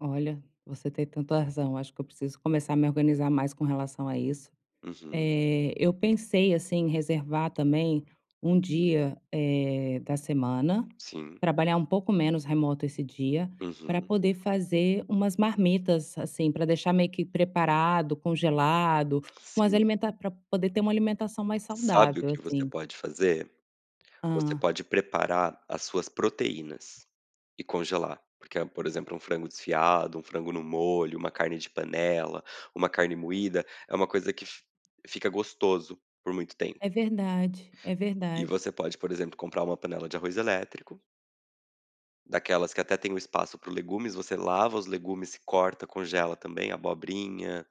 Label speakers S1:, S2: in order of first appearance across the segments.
S1: Olha, você tem tanta razão acho que eu preciso começar a me organizar mais com relação a isso.
S2: Uhum.
S1: Eh, eu pensei, assim, em reservar também 1 dia, eh, da semana,
S2: Sim.
S1: trabalhar um pouco menos remoto esse dia, pra
S2: Uhum.
S1: poder fazer umas marmitas, assim, pra deixar meio que preparado, congelado, umas
S2: Sim.
S1: alimenta pra poder ter uma alimentação mais
S2: Sabe o
S1: saudável,
S2: que você
S1: assim.
S2: pode fazer? Você
S1: Hã.
S2: pode preparar as suas proteínas. E congelar. Porque é por exemplo, um frango desfiado, um frango no molho, uma carne de panela, uma carne moída, é uma coisa que f fica gostoso por muito tempo.
S1: É verdade. É
S2: E
S1: verdade.
S2: você pode, por exemplo, comprar uma panela de arroz elétrico daquelas que até tem o espaço para os legumes, você lava os legumes, corta, congela também a abobrinha,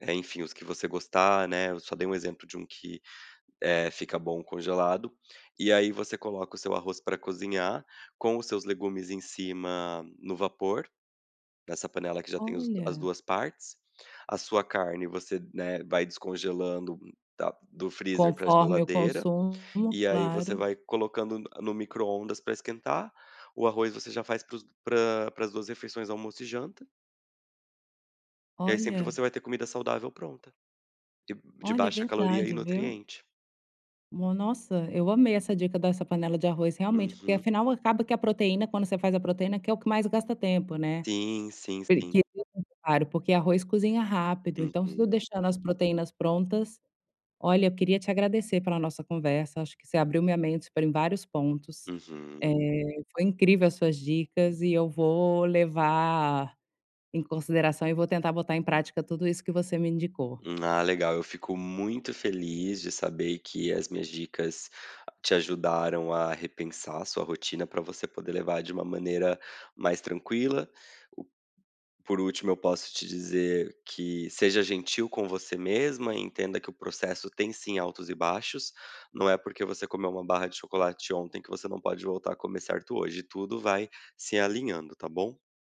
S2: eh, enfim, os que você gostar, né eu só dei um exemplo de um que, eh, fica bom congelado e aí você coloca o seu arroz pra cozinhar com os seus legumes em cima no vapor, dessa panela que já tem os as
S1: Olha.
S2: 2 partes. A sua carne você, né, vai descongelando da do freezer pra
S1: Conforme eu
S2: geladeira
S1: consumo
S2: e aí você
S1: claro.
S2: vai colocando n no micro-ondas pra esquentar, o arroz você já faz para os pra para as 2 refeições, almoço e janta e aí sempre
S1: Olha.
S2: você vai ter comida saudável pronta. De de
S1: Olha,
S2: baixa caloria e
S1: verdade, viu.
S2: nutriente.
S1: No nossa, eu amei essa dica dessa panela de arroz, realmente, porque
S2: Uhum.
S1: afinal, acaba que a proteína quando você faz a proteína, que é o que mais gasta tempo, né,
S2: Sim, sim, sim.
S1: porque [unintelligible] claro porque arroz cozinha rápido, então, se eu
S2: Uhum.
S1: deixando as proteínas prontas olha, eu queria te agradecer pela nossa conversa, acho que você abriu minha mente, foram em vários pontos, eh,
S2: Uhum.
S1: foi incrível as suas dicas e eu vou levar em consideração e vou tentar botar em prática tudo isso que você me indicou.
S2: Ah, legal, eu fico muito feliz de saber que as minhas dicas te ajudaram a repensar a sua rotina, pra você poder levar de uma maneira mais tranquila, o por último, eu posso te dizer que seja gentil com você mesma e entenda que o processo tem, sim, altos e baixos. Não é porque você comeu 1 barra de chocolate ontem que você não pode voltar a comer certo hoje. Tudo vai se alinhando, tá bom?